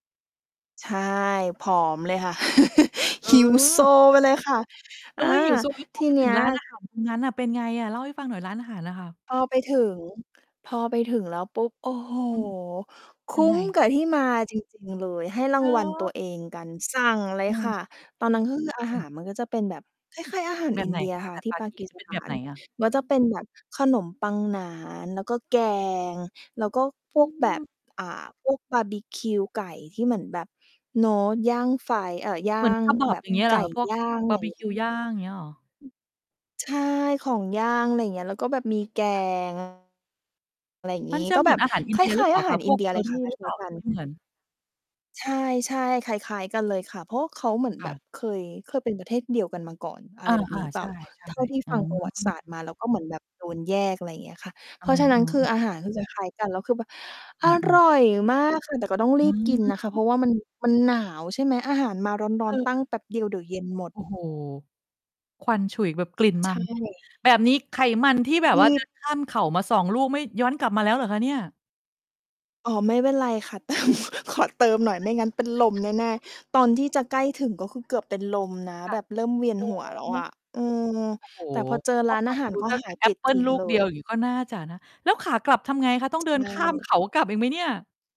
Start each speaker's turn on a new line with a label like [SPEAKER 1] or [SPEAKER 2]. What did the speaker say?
[SPEAKER 1] ใช่ ผอมเลยค่ะ
[SPEAKER 2] เ
[SPEAKER 1] หิวโซ
[SPEAKER 2] ออ
[SPEAKER 1] ไปเลยค่ะ
[SPEAKER 2] เ
[SPEAKER 1] อ
[SPEAKER 2] ฮ้
[SPEAKER 1] า
[SPEAKER 2] ย หิวโซ แล้วพ
[SPEAKER 1] ท
[SPEAKER 2] อ
[SPEAKER 1] ี
[SPEAKER 2] ไป
[SPEAKER 1] เน
[SPEAKER 2] ถ
[SPEAKER 1] ี
[SPEAKER 2] ึ
[SPEAKER 1] ้
[SPEAKER 2] ง
[SPEAKER 1] ย
[SPEAKER 2] ร้านอาหารตรงนั้นอะ เป็นไงอะ เล่าให้ฟังหน่อย ร้านอาหารอะค่ะ
[SPEAKER 1] พอไป ถึง พอไปถึงแล้วปุ๊บ โอ้โฮ!
[SPEAKER 2] อืม
[SPEAKER 1] ค
[SPEAKER 2] ยั
[SPEAKER 1] ุ้
[SPEAKER 2] งไง?
[SPEAKER 1] มกับที่มา จริง ๆ เลย ให้ร
[SPEAKER 2] เ
[SPEAKER 1] า
[SPEAKER 2] หร
[SPEAKER 1] งวัลตัว
[SPEAKER 2] อ?
[SPEAKER 1] เองกัน สั่งเล
[SPEAKER 2] อ
[SPEAKER 1] ย
[SPEAKER 2] ืม
[SPEAKER 1] ค่ะ ตอนนั้น ก็คือ อา
[SPEAKER 2] อื
[SPEAKER 1] หา
[SPEAKER 2] ม
[SPEAKER 1] รมันก็จะเป็นแบบคล้าย ๆ อาหาร
[SPEAKER 2] แบ
[SPEAKER 1] อิ
[SPEAKER 2] บไ
[SPEAKER 1] น
[SPEAKER 2] หน
[SPEAKER 1] เดีย
[SPEAKER 2] คะ อ
[SPEAKER 1] ค
[SPEAKER 2] า
[SPEAKER 1] ่
[SPEAKER 2] ห
[SPEAKER 1] ะ
[SPEAKER 2] าร
[SPEAKER 1] ที่
[SPEAKER 2] ปา
[SPEAKER 1] ปา
[SPEAKER 2] กี
[SPEAKER 1] กี
[SPEAKER 2] จะ
[SPEAKER 1] ส
[SPEAKER 2] เป็น
[SPEAKER 1] ถ
[SPEAKER 2] แ
[SPEAKER 1] า
[SPEAKER 2] บบไห
[SPEAKER 1] น
[SPEAKER 2] นอะ?
[SPEAKER 1] ก็จะเป็นแบบขนมปังหนาน แล้วก็แกง แล้วก็พ
[SPEAKER 2] อื
[SPEAKER 1] วกแบบ
[SPEAKER 2] อ
[SPEAKER 1] อ่า พวกบาร์บีคิวไก่ที่เหมือนแบบเนาะย่างไฟ เอ่อ ย่
[SPEAKER 2] เ
[SPEAKER 1] า
[SPEAKER 2] หมือน
[SPEAKER 1] ง แ
[SPEAKER 2] kebab
[SPEAKER 1] บบ
[SPEAKER 2] อย่างเงี้ย
[SPEAKER 1] ไ
[SPEAKER 2] เ
[SPEAKER 1] ก
[SPEAKER 2] หร
[SPEAKER 1] ่
[SPEAKER 2] อ พวก
[SPEAKER 1] ย่าง อะ
[SPEAKER 2] บ
[SPEAKER 1] ไร
[SPEAKER 2] าร
[SPEAKER 1] อ
[SPEAKER 2] ์บ
[SPEAKER 1] ย่
[SPEAKER 2] ิ
[SPEAKER 1] างเงี
[SPEAKER 2] ค
[SPEAKER 1] ้
[SPEAKER 2] ิ
[SPEAKER 1] ย
[SPEAKER 2] วย่าง อย่างเงี้ยเหรอ?
[SPEAKER 1] ใช่ ของย่าง อะไรอย่างเงี้ย แล้วก็แบบมี แก
[SPEAKER 2] ค่ะ
[SPEAKER 1] ง อะไรอย่าง
[SPEAKER 2] ม
[SPEAKER 1] งี
[SPEAKER 2] ั
[SPEAKER 1] ้
[SPEAKER 2] นจะ
[SPEAKER 1] ก็
[SPEAKER 2] เหม
[SPEAKER 1] แบ
[SPEAKER 2] ือน
[SPEAKER 1] บ
[SPEAKER 2] อาหารอิ
[SPEAKER 1] ค
[SPEAKER 2] นเดียห
[SPEAKER 1] ล
[SPEAKER 2] ร
[SPEAKER 1] ้
[SPEAKER 2] ือ
[SPEAKER 1] า
[SPEAKER 2] เ
[SPEAKER 1] ย
[SPEAKER 2] ปล
[SPEAKER 1] ๆ
[SPEAKER 2] ่
[SPEAKER 1] อ
[SPEAKER 2] า
[SPEAKER 1] าห
[SPEAKER 2] ค
[SPEAKER 1] า
[SPEAKER 2] ะ?
[SPEAKER 1] ร
[SPEAKER 2] พ
[SPEAKER 1] อิ
[SPEAKER 2] ว
[SPEAKER 1] น
[SPEAKER 2] ก
[SPEAKER 1] เดียเลยค่ะ
[SPEAKER 2] curry
[SPEAKER 1] คล
[SPEAKER 2] หรือเป
[SPEAKER 1] ้
[SPEAKER 2] ล
[SPEAKER 1] า
[SPEAKER 2] ่
[SPEAKER 1] ย
[SPEAKER 2] า
[SPEAKER 1] ๆ ก
[SPEAKER 2] หร
[SPEAKER 1] ั
[SPEAKER 2] ือ
[SPEAKER 1] น
[SPEAKER 2] ไม่เหมือน?
[SPEAKER 1] ใช่ ๆ คล้าย ๆ กันเลยค่ะ เพราะว่าเขาเหมือน
[SPEAKER 2] ค
[SPEAKER 1] แบ
[SPEAKER 2] ่
[SPEAKER 1] บ
[SPEAKER 2] ะ
[SPEAKER 1] เคย เคยเป็น ประเทศเดียวกันมาก่อน อ
[SPEAKER 2] อ
[SPEAKER 1] ะไร
[SPEAKER 2] า
[SPEAKER 1] แบบนี้เ
[SPEAKER 2] ๆ
[SPEAKER 1] ปล
[SPEAKER 2] ใช
[SPEAKER 1] ่า
[SPEAKER 2] ่ ใช่
[SPEAKER 1] เท่าที่
[SPEAKER 2] อื
[SPEAKER 1] ฟังประวัติศาสตร์
[SPEAKER 2] ม
[SPEAKER 1] มา แล้วก็เหมือนแบบโดนแยก อะไรอย่างเงี้ยค่ะ
[SPEAKER 2] เ
[SPEAKER 1] เพราะฉะนั
[SPEAKER 2] อ
[SPEAKER 1] ้น
[SPEAKER 2] อ
[SPEAKER 1] คือ
[SPEAKER 2] ๆ
[SPEAKER 1] อาหาร คือ จะคล้ายกัน คือแบบ
[SPEAKER 2] อ
[SPEAKER 1] อ
[SPEAKER 2] ื
[SPEAKER 1] ร
[SPEAKER 2] ม
[SPEAKER 1] ่
[SPEAKER 2] ๆ
[SPEAKER 1] อยมาก ค่ะ แต่ก็ต้อง
[SPEAKER 2] อ
[SPEAKER 1] รีบกิน
[SPEAKER 2] ื
[SPEAKER 1] นะค่ะ เพร
[SPEAKER 2] ม
[SPEAKER 1] าะว่า มัน มันหนาว ใช่ไหม อาหารมาร้อน ๆ ตั้ง
[SPEAKER 2] เออ
[SPEAKER 1] แป๊บเดียวเดี๋ยวเย็นหมด
[SPEAKER 2] โอ้โฮ! ควันฉุยแบบกลิ่นม
[SPEAKER 1] ใช
[SPEAKER 2] ัน
[SPEAKER 1] ่
[SPEAKER 2] แบบนี้ไขมัน ที่แบบ
[SPEAKER 1] ร
[SPEAKER 2] ว่า
[SPEAKER 1] ี
[SPEAKER 2] เดิ
[SPEAKER 1] บ
[SPEAKER 2] น ข้ามเขามา 2 ลูกไม่ย้อนกลับมาแล้วเหรอคะเนี่ย?
[SPEAKER 1] อ๋อ ไม่เป็นไรค่ะ เติม ขอเติมหน่อยไม่งั้นเป็นลมแน่ ๆ ตอนที่จะใกล้ถึง ก็คือ เกือบเป็นลมนะ
[SPEAKER 2] ค่
[SPEAKER 1] แบ
[SPEAKER 2] ะ
[SPEAKER 1] บเริ่มเวียน
[SPEAKER 2] โอ้
[SPEAKER 1] หัวแล้
[SPEAKER 2] โ
[SPEAKER 1] ว
[SPEAKER 2] ฮ
[SPEAKER 1] อะ อืม
[SPEAKER 2] โอ้โฮ
[SPEAKER 1] แต่พอเจอ
[SPEAKER 2] ก
[SPEAKER 1] ร
[SPEAKER 2] ็
[SPEAKER 1] ้าน
[SPEAKER 2] ฟ
[SPEAKER 1] อ
[SPEAKER 2] ั
[SPEAKER 1] า
[SPEAKER 2] ง
[SPEAKER 1] หา
[SPEAKER 2] ด
[SPEAKER 1] ร
[SPEAKER 2] ู
[SPEAKER 1] ก็
[SPEAKER 2] ตั้ง
[SPEAKER 1] ห
[SPEAKER 2] แ
[SPEAKER 1] า
[SPEAKER 2] ต่
[SPEAKER 1] ย
[SPEAKER 2] แอ
[SPEAKER 1] ปลิ
[SPEAKER 2] ป
[SPEAKER 1] ด
[SPEAKER 2] เปิ
[SPEAKER 1] ท
[SPEAKER 2] ล
[SPEAKER 1] ิ้ง
[SPEAKER 2] ลูก
[SPEAKER 1] เล
[SPEAKER 2] เดี
[SPEAKER 1] ย
[SPEAKER 2] ยวอย่างงี้ก็น่าจะนะ แล้วขากลับทำไงคะ ต้อ
[SPEAKER 1] ใช
[SPEAKER 2] งเดินข้ามเข
[SPEAKER 1] ่
[SPEAKER 2] ากลับอีกไหมเนี่ย?